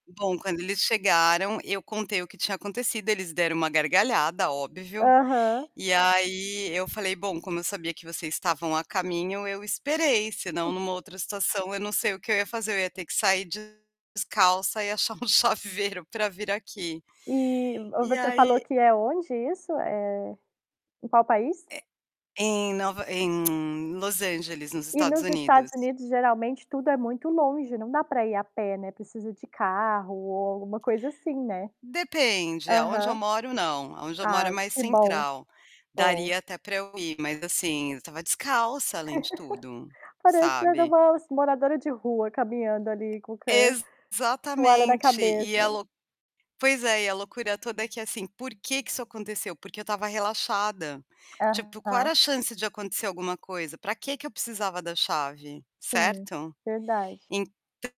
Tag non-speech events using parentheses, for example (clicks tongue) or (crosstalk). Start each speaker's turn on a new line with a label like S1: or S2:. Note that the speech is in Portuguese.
S1: Bom, quando eles chegaram eu contei o que tinha acontecido, eles deram uma gargalhada, óbvio.
S2: Aham.
S1: E aí, eu falei: "Bom, como eu sabia que vocês estavam a caminho, eu esperei, senão,
S2: (chuckles)
S1: numa outra situação, eu não sei o que eu ia fazer, eu ia ter que sair descalça e achar um chaveiro para vir aqui".
S2: Eh, ou
S1: E
S2: você
S1: aí
S2: falou que é onde isso? Eh, em qual país?
S1: É em Nova em (clicks tongue) Los Angeles, nos
S2: E
S1: Estados
S2: nos Estados
S1: Unidos.
S2: Unidos, geralmente tudo é muito longe, não dá para ir a pé, né, precisa de carro ou alguma coisa assim, né.
S1: Depende, aonde eu
S2: Aham.
S1: moro, não, aonde eu moro é
S2: Ah,
S1: mais
S2: que bom.
S1: central.
S2: Bom.
S1: Daria até pra eu ir, mas assim, eu estava descalça, além de tudo,
S2: (laughs) Parecendo
S1: sabe.
S2: umas moradora de rua, caminhando ali, com o ca toalha da
S1: Exatamente.
S2: cabeça.
S1: E a lo pois é, e a loucura toda é que, assim, por que que isso aconteceu? Porque eu estava relaxada. Tipo, qual
S2: Aham.
S1: era a chance de acontecer alguma coisa? Pra quê que eu precisava da chave?
S2: Sim,
S1: Certo?
S2: verdade.
S1: Então